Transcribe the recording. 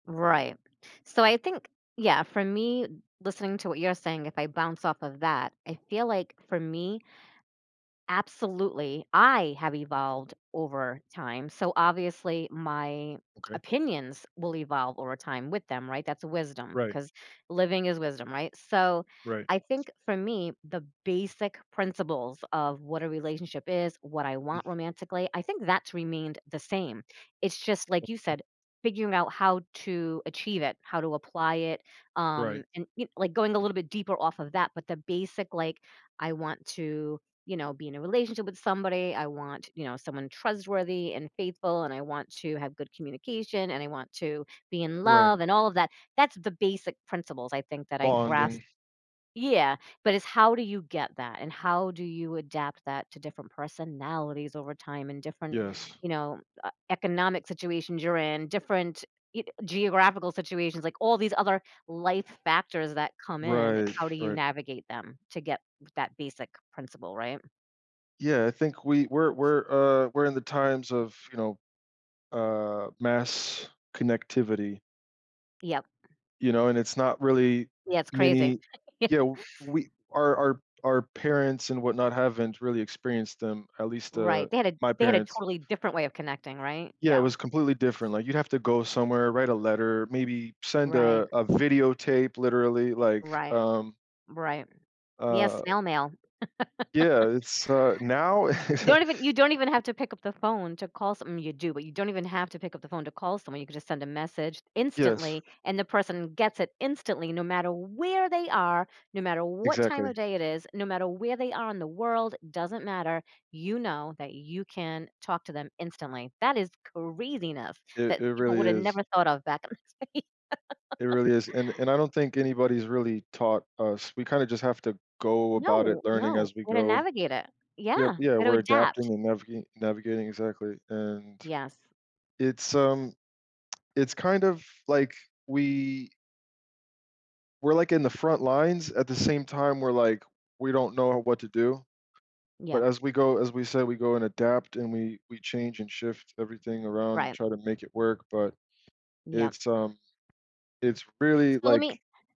Right. So I think yeah, for me, listening to what you're saying, if I bounce off of that, I feel, like, for me, absolutely, I have evolved over time, so, obviously, my Okay. opinions will evolve over time with them, right? That's wisdom, Right. 'cause living is wisdom, right? So, Right. I think for me, the basic principles of what a relationship is, what I Mhm. want romantically, I think that's remained the same. It's just, like you Okay. said, figuring out how to achieve it, how to apply it, um, Right. and y like, going a little bit deeper off of that, but the basic, like, I want to, you know, be in a relationship with somebody. I want, you know, someone trustworthy and faithful, and I want to have good communication, and I want to be in Right. love, and all of that. That's the basic principles I think that I grasp Bonding. yeah, but it's how do you get that? And how do you adapt that to different personalities over time and different, Yes. you know, m e economic situations you're in, y ge different geographical situations, like all these other life factors that come in, it's Right. how do you Right. navigate them to get g that basic principle, right? Yeah, I think we we're we're, uh, we're in the times of, you know, uh, mass connectivity. Yep. You know, and it's not really Yeah, it's crazy. many yeah, we our our our parents, and whatnot, haven't really experienced them, at least, uh, Right, they had a my they had a parents totally different way of connecting, right? Yeah, it Yeah. was completely different, like, you'd have to go somewhere, write a letter, maybe send Right. a a video tape literally like, Right. um Right. Yeah, Uh snail mail. Yeah, it's, uh now You don't even you don't even have to pick up the phone to call some well, you do, but you don't even have to pick up the phone to call someone, you could just send a message, Yes. instantly, and the person gets it instantly no matter where they are, no matter what time Exactly. of day it is, no matter where they are in the world, doesn't matter- you know that you can talk to them instantly. That is craziness It that it people really would've is. never thought of back in the day. It really is, and and I don't think anybody's really taught us, we kinda just have to go about it No. learning No, as we gonna go. navigate it. Yep, Yeah, yeah, gotta we're adapting adapt. and naviga navigating exactly, and Yes. it's, um, it's kind of, like, we we're like in the front lines at the same time, we're, like we don't know what to do, but Yep. as we go, as we said, we go and adapt and we we change and shift everything around and Right. try to make it work, but, Yep. it's, um, it's really So let like me